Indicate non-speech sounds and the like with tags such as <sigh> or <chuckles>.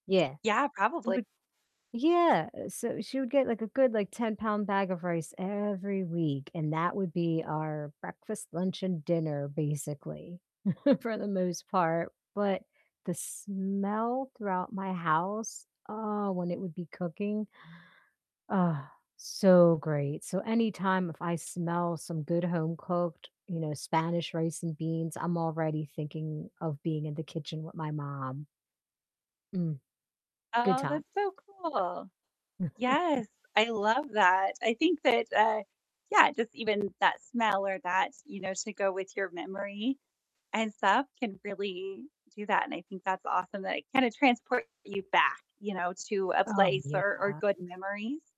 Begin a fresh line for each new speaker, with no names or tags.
Yeah.
Yeah, probably.
Would yeah, eh, so she would get, like, a good, like, 10-pound bag of rice every week, and that would be our breakfast, lunch, and dinner, basically, <chuckles> for the most part, but the smell throughout my house, oh, when it would be cooking, <inhales> oh, so great. So, any time if I smell some good home-cooked, you know, Spanish rice and beans, I'm already thinking of being in the kitchen with my mom. Mm. Good
Oh,
times.
that's so cool. Yes, I
<chuckles>
love that. I think that, uh, yeah, just, even that smell or that, you know, to go with your memory and stuff can really do that, and I think that's awesome that it, kinda, transports you back, you know, to a
Oh,
place or or
yeah.
good memories.